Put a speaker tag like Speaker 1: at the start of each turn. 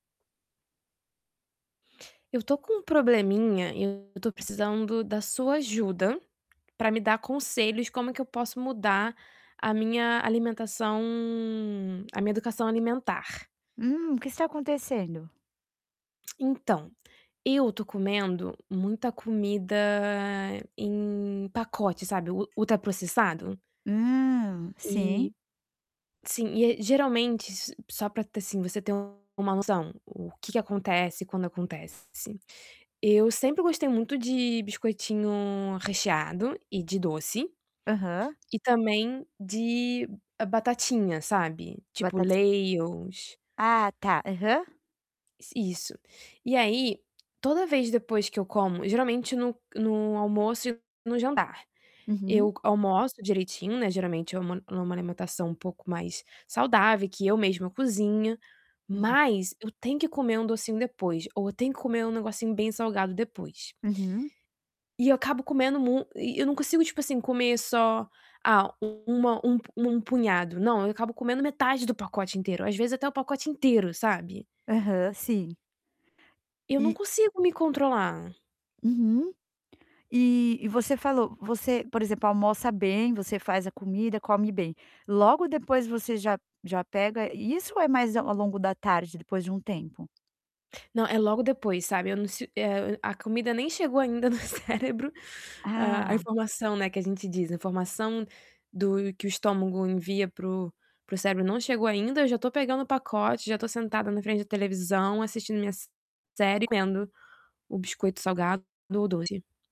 Speaker 1: Eu tô com um probleminha, eu tô precisando da sua ajuda, para me dar conselhos como é que eu posso mudar a minha alimentação a minha educação alimentar.
Speaker 2: Hum, o que está acontecendo?
Speaker 1: Então, eu estou comendo muita comida em pacote sabe, ul ultraprocessado.
Speaker 2: Hum, sim.
Speaker 1: E sim e a geralmente, só para ter assim você ter uma noção, o que que acontece, quando acontece. Eu sempre gostei muito de biscoitinho recheado e de doce,
Speaker 2: Aham.
Speaker 1: e também de batatinha sabe. Tipo,
Speaker 2: Batatinha.
Speaker 1: Lays ou s
Speaker 2: Ah está, aham.
Speaker 1: Isso. E aí, toda vez depois que eu como, geralmente no no almoço e no jantar, eu
Speaker 2: Uhum.
Speaker 1: co almoço direitinho, né, geralmente é uma em uma alimentação um pouco mais saudável, que eu mesma cozinha,
Speaker 2: Uhum.
Speaker 1: mas eu tenho que ir comer um docinho depois, ou eu tenho que comer um negocinho bem salgado depois.
Speaker 2: Uhum.
Speaker 1: E eu acabo comendo mui e eu não consigo tipo assim comer só, ah um um um punhado, não, eu acabo comendo metade do pacote inteiro, às vezes até o pacote inteiro, sabe.
Speaker 2: Aham. Sim.
Speaker 1: Eu não
Speaker 2: E
Speaker 1: consigo me controlar.
Speaker 2: Uhum. E e você falou você, por exemplo, almoça bem, você faz a comida, come bem, logo depois você já já pega isso ou é mais a ao longo da tarde, depois de um tempo?
Speaker 1: Não, é logo depois, sabe, eu não se a a comida nem chegou ainda no cérebro, a a
Speaker 2: Ah.
Speaker 1: informação, né, que a gente diz, a informação do que o estômago envia para o para o cérebro não chegou ainda, eu já estou pegando o pacote, eu já estou sentada na frente da televisão, assistindo minha série, comendo o biscoito salgado ou doce.